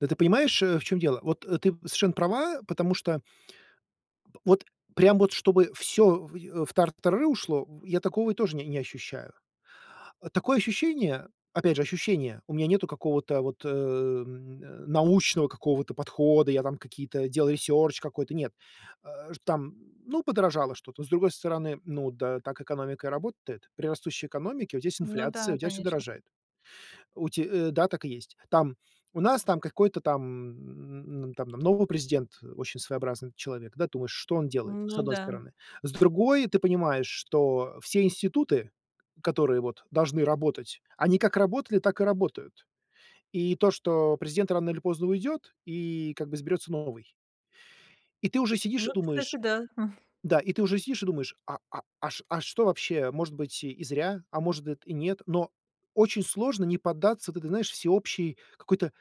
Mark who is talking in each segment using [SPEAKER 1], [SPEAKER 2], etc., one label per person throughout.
[SPEAKER 1] Да, ты понимаешь, э, в чём дело. Вот, э, ты совершенно права, потому что п вот прям вот чтобы всё в тартарары ушло, я такого тоже не не ощущаю. Такое ощущение, опять же, ощущение, у меня нету какого-то вот н научного какого-то подхода, я там какие-то делаю research какой-то, нет. Э, там, ну, подорожало что-то, с другой стороны, ну да, так экономика и работает. При растущей экономике у тебя есть
[SPEAKER 2] Ну
[SPEAKER 1] инфляция,
[SPEAKER 2] да,
[SPEAKER 1] у тебя всё
[SPEAKER 2] конечно.
[SPEAKER 1] дорожает. У те, э, да, так и есть. Там у нас там, какой-то там н н там нового президент, очень своеобразный человек, да, думаешь, что он делает, с
[SPEAKER 2] Ну
[SPEAKER 1] одной
[SPEAKER 2] да.
[SPEAKER 1] стороны. С другой, ты понимаешь, что все институты, которые вот должны работать, они как работали, так и работают. И то, что президент рано или поздно уйдет и как бы изберется новый. И ты уже сидишь и
[SPEAKER 2] Ну, кстати,
[SPEAKER 1] думаешь,
[SPEAKER 2] да.
[SPEAKER 1] да, и ты уже сидишь и думаешь, а а а шт а что вообще, может быть и зря, а может и нет. Но очень сложно не поддаться вот этой, знаешь, всеобщей какой-то,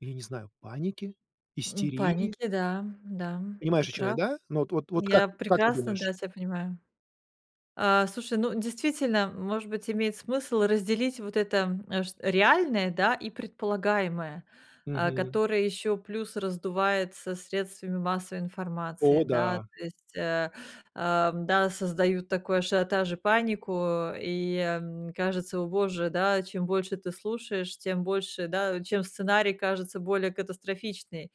[SPEAKER 1] ну я не знаю, панике,
[SPEAKER 2] М, в
[SPEAKER 1] истерии?
[SPEAKER 2] панике, да, да, ты
[SPEAKER 1] Понимаешь, о чём я,
[SPEAKER 2] прав.
[SPEAKER 1] да? Ну вот вот вот как,
[SPEAKER 2] Я
[SPEAKER 1] как ты
[SPEAKER 2] прекрасно,
[SPEAKER 1] думаешь?
[SPEAKER 2] да, тебя понимаю. А, слушай, ну, действительно, может быть, имеет смысл разделить вот это, м, ш реальное, да, и предполагаемое, э,
[SPEAKER 1] Мгм.
[SPEAKER 2] которое ещё плюс раздувается средствами массовой информации,
[SPEAKER 1] О
[SPEAKER 2] да.
[SPEAKER 1] да!
[SPEAKER 2] То есть, э, эм, да, создают такой ажиотаж и панику, и, м, кажется, о боже, да, чем больше ты слушаешь, тем больше, да, чем сценарий кажется более катастрофичный.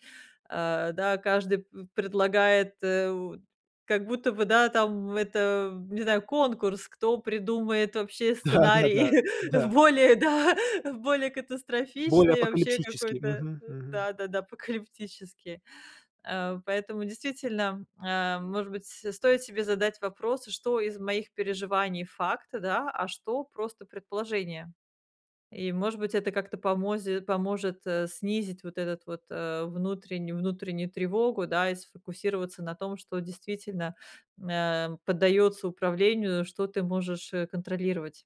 [SPEAKER 2] Э, да, каждый п предлагает, э, как будто бы, да, там, это, не знаю, конкурс, кто придумает вообще сценарий
[SPEAKER 1] Да-да-да, да.
[SPEAKER 2] более, да, более
[SPEAKER 1] Более
[SPEAKER 2] катастрофичный, вообще
[SPEAKER 1] апокалипсически.
[SPEAKER 2] какой-то,
[SPEAKER 1] Мгм, мгм.
[SPEAKER 2] да-да-да, апокалиптический. Э, поэтому, действительно, э, может быть, с-стоит себе задать вопрос: "Что из моих переживаний- факт, да, а что- просто предположение?" И, может быть, это как-то помози поможет, э, снизить вот этот вот, э, внутренню внутреннюю тревогу, да, и сфокусироваться на том, что действительно н а, поддаётся управлению, что ты можешь, э, контролировать.